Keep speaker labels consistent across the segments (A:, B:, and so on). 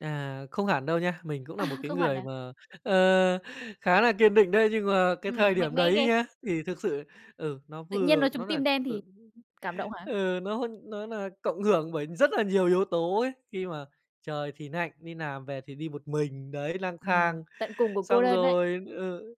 A: À, không hẳn đâu nha, mình cũng
B: À!
A: nà một cái
B: Không hẳn
A: người
B: à?
A: mà, ờ, khá là kiên định đấy. Nhưng mà cái thời
B: Ừm, mạnh
A: điểm
B: mẽ
A: đấy
B: ghê.
A: nhá, thì thực sự, ừ, nó
B: Tự nhiên nói
A: vừa
B: trúng
A: nó nà
B: tim đen thì
A: ừ,
B: cảm động hả?
A: ừ, nó nó nà cộng hưởng bởi rất là nhiều yếu tố ấy. Khi mà trời thì nạnh, đi làm về thì đi một mình, đấy, lang
B: Ừm,
A: thang.
B: tận cùng của cô
A: Xong
B: đơn ấy.
A: rồi, ừ,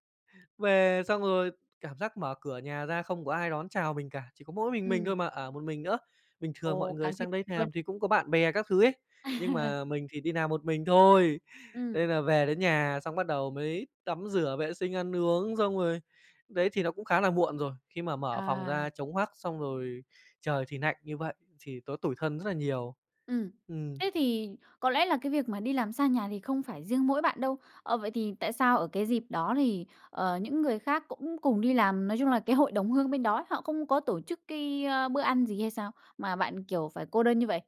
A: về xong rồi cảm giác mở cửa nhà ra không có ai đón chào mình cả, chỉ có mỗi mình mình thôi
B: Ừm.
A: mà, ở một mình nữa. Bình thường mọi
B: Ồ,
A: người
B: càng tiêu
A: sang đây th
B: luôn.
A: làm thì cũng có bạn bè các thứ ấy. Nhưng mà mình thì đi làm một mình thôi.
B: Ừm.
A: Nên là về đến nhà xong, bắt đầu mới tắm rửa vệ sinh ăn uống xong rồi, đấy, thì nó cũng khá là muộn rồi. Khi mà mở phòng
B: À.
A: ra trống hoắc, xong rồi trời thì nạnh như vậy thì nó tủi thân rất là nhiều.
B: Ừm,
A: Ừm.
B: thế thì có lẽ là cái việc mà đi làm xa nhà thì không phải riêng mỗi bạn đâu. Ờ, vậy thì tại sao ở cái dịp đó thì, ờ, những người khác cũng cùng đi làm, nói chung là cái hội đồng hương bên đó, họ không có tổ chức cái, ơ, bữa ăn gì hay sao? Mà bạn, kiểu, phải cô đơn như vậy?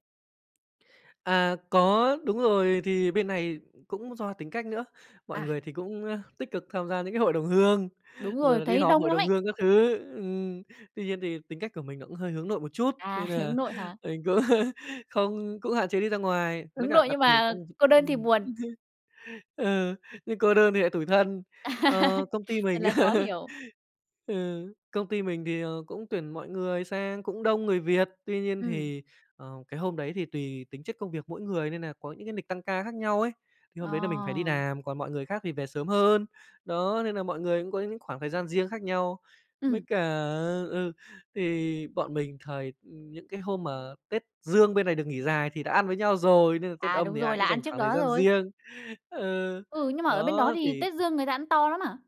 A: À, có, đúng rồi, thì bên này cũng do tính cách nữa. Mọi
B: À.
A: người thì cũng, ơ, tích cực tham gia những cái hội đồng hương,
B: Đúng
A: rồi
B: rồi,
A: là đi
B: thấy
A: họp
B: đông
A: hội
B: lắm
A: đồng
B: ấy.
A: hương các thứ. Ừm, tuy nhiên thì tính cách của mình nó cũng hơi hướng nội một chút.
B: À,
A: Nên
B: hướng
A: nà
B: nội hả?
A: mình cũng không cũng hạn chế đi ra ngoài, mới
B: Hướng
A: cả
B: nội
A: đặc
B: nhưng
A: thù
B: mà
A: công v
B: cô đơn thì
A: ừm.
B: buồn.
A: Ừ, nhưng cô đơn thì nại tủi thân. Ờ, công ty
B: Thật
A: mình
B: là khó hiểu.
A: ừ, công ty mình thì, ờ, cũng tuyển mọi người sang cũng đông người Việt. Tuy nhiên
B: Ừm.
A: thì, ờ, cái hôm đấy thì tùy tính chất công việc mỗi người nên nà có những cái nịch tăng ca khác nhau ấy. Thì
B: Ờ.
A: hôm đấy là mình phải đi làm, còn mọi người khác thì về sớm hơn. Đó, nên nà mọi người cũng có những khoảng thời gian riêng khác nhau. Với
B: Ừm.
A: cả ờ, ừ, thì bọn mình thời ừm, những cái hôm mà Tết Dương bên này được nghỉ dài thì đã ăn với nhau rồi, nên là Tết
B: À,
A: Âm
B: đúng
A: thì ai
B: rồi,
A: cũng
B: là ăn
A: dành
B: trước
A: khoảng thời
B: đó
A: gian
B: rồi.
A: riêng. Ừ,
B: Ừ, nhưng mà ở bên đó
A: đó,
B: thì
A: thì
B: Tết Dương người ta ăn to lắm hả?